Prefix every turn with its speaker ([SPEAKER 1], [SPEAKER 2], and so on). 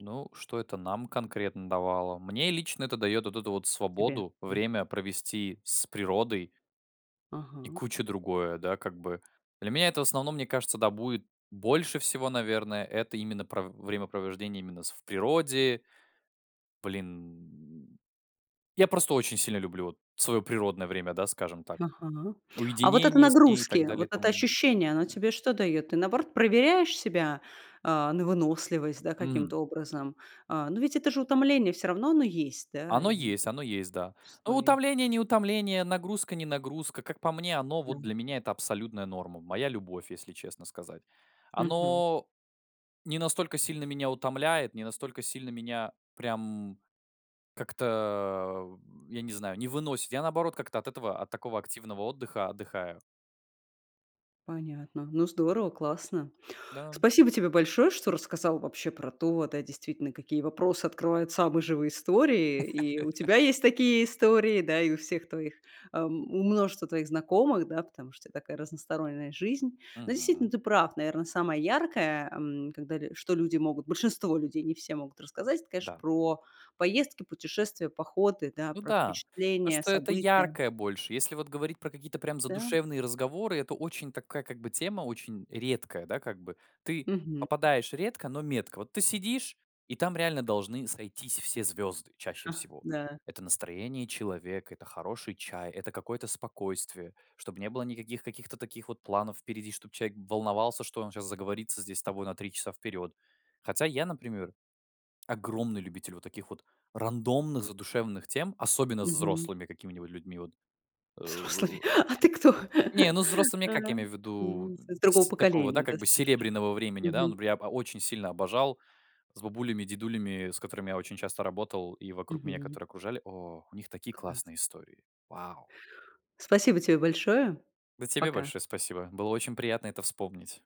[SPEAKER 1] Ну, что это нам конкретно давало? Мне лично это дает вот эту вот
[SPEAKER 2] Тебе.
[SPEAKER 1] свободу,
[SPEAKER 2] Да.
[SPEAKER 1] время провести с природой и
[SPEAKER 2] Ага.
[SPEAKER 1] куча другое. Да, как бы. Для меня это в основном, мне кажется, да, будет больше всего, наверное, это именно про в времяпровождение именно с в природе. Блин, я просто очень сильно люблю вот своё природное время, да, скажем так,
[SPEAKER 2] Ага, а вот это
[SPEAKER 1] уединение с ней и так
[SPEAKER 2] нагрузки,
[SPEAKER 1] далее
[SPEAKER 2] вот
[SPEAKER 1] и
[SPEAKER 2] это
[SPEAKER 1] тому
[SPEAKER 2] ощущение, оно
[SPEAKER 1] подобное.
[SPEAKER 2] тебе что даёт? Ты, наоборот, проверяешь себя, а, на выносливость, да,
[SPEAKER 1] Мгм.
[SPEAKER 2] каким-то образом? А, но ведь это же утомление всё равно, оно есть, да,
[SPEAKER 1] Оно
[SPEAKER 2] и
[SPEAKER 1] есть, оно есть, да. Ну,
[SPEAKER 2] Условий.
[SPEAKER 1] утомление-не утомление, нагрузка-не нагрузка. Как по мне, оно, вот
[SPEAKER 2] Да.
[SPEAKER 1] для меня, это абсолютная норма. Моя любовь, если честно сказать.
[SPEAKER 2] Мгм.
[SPEAKER 1] Оно не настолько сильно меня утомляет, не настолько сильно меня прям как-то, э, я не знаю, не выносит. Я, наоборот, как-то от этого, от такого активного отдыхаю.
[SPEAKER 2] Понятно. Ну, здорово, классно.
[SPEAKER 1] Да.
[SPEAKER 2] Спасибо тебе большое, что рассказал вообще про то, да, действительно, какие вопросы открывают самые живые истории. И у тебя есть такие истории, да, и у всех твоих эм, у множества твоих знакомых, да, потому что у тебя такая разносторонняя жизнь. Да, действительно,
[SPEAKER 1] Мгм.
[SPEAKER 2] ты прав, наверное, самое яркое, эм, когда что люди большинство людей могут те рассказать, это, конечно,
[SPEAKER 1] Да.
[SPEAKER 2] про поездки, путешествия, походы, да,
[SPEAKER 1] Ну
[SPEAKER 2] про
[SPEAKER 1] да. Потому
[SPEAKER 2] впечатления,
[SPEAKER 1] что это
[SPEAKER 2] события.
[SPEAKER 1] яркое больше. Если вот говорить про какие-то прям
[SPEAKER 2] Да.
[SPEAKER 1] задушевные разговоры, это очень такая, как бы, тема, очень редкая, да, как бы, ты
[SPEAKER 2] Мгм.
[SPEAKER 1] попадаешь редко, но метко. Вот ты сидишь, и там реально должны сойтись все звёзды чаще
[SPEAKER 2] Ха,
[SPEAKER 1] всего.
[SPEAKER 2] да.
[SPEAKER 1] Это настроение человека, это хороший чай, это какое-то спокойствие, чтобы не было никаких каких-то таких вот планов впереди, чтобы человек волновался, что он сейчас заговорится здесь с тобой на 3 часа вперёд. Хотя я, например, огромный любитель вот таких вот рандомных задушевных тем, особенно с
[SPEAKER 2] Мгм.
[SPEAKER 1] взрослыми какими-нибудь людьми. Вот, э
[SPEAKER 2] Взрослый. А ты кто?
[SPEAKER 1] Не, ну, с взрослыми,
[SPEAKER 2] Э,
[SPEAKER 1] как я имею в виду?
[SPEAKER 2] мгм,
[SPEAKER 1] Н
[SPEAKER 2] из другого
[SPEAKER 1] сь такого, да,
[SPEAKER 2] поколения
[SPEAKER 1] как бы,
[SPEAKER 2] достаточно.
[SPEAKER 1] серебряного времени. Да, н
[SPEAKER 2] Мгм.
[SPEAKER 1] бря ба очень сильно обожал с бабулями, дедулями, с которыми я очень часто работал, и вокруг меня,
[SPEAKER 2] Мгм.
[SPEAKER 1] которые окружали. О, у них такие
[SPEAKER 2] Класс.
[SPEAKER 1] классные истории. Вау!
[SPEAKER 2] Спасибо тебе большое.
[SPEAKER 1] Да, тебе
[SPEAKER 2] Пока.
[SPEAKER 1] большое спасибо. Было очень приятно это вспомнить.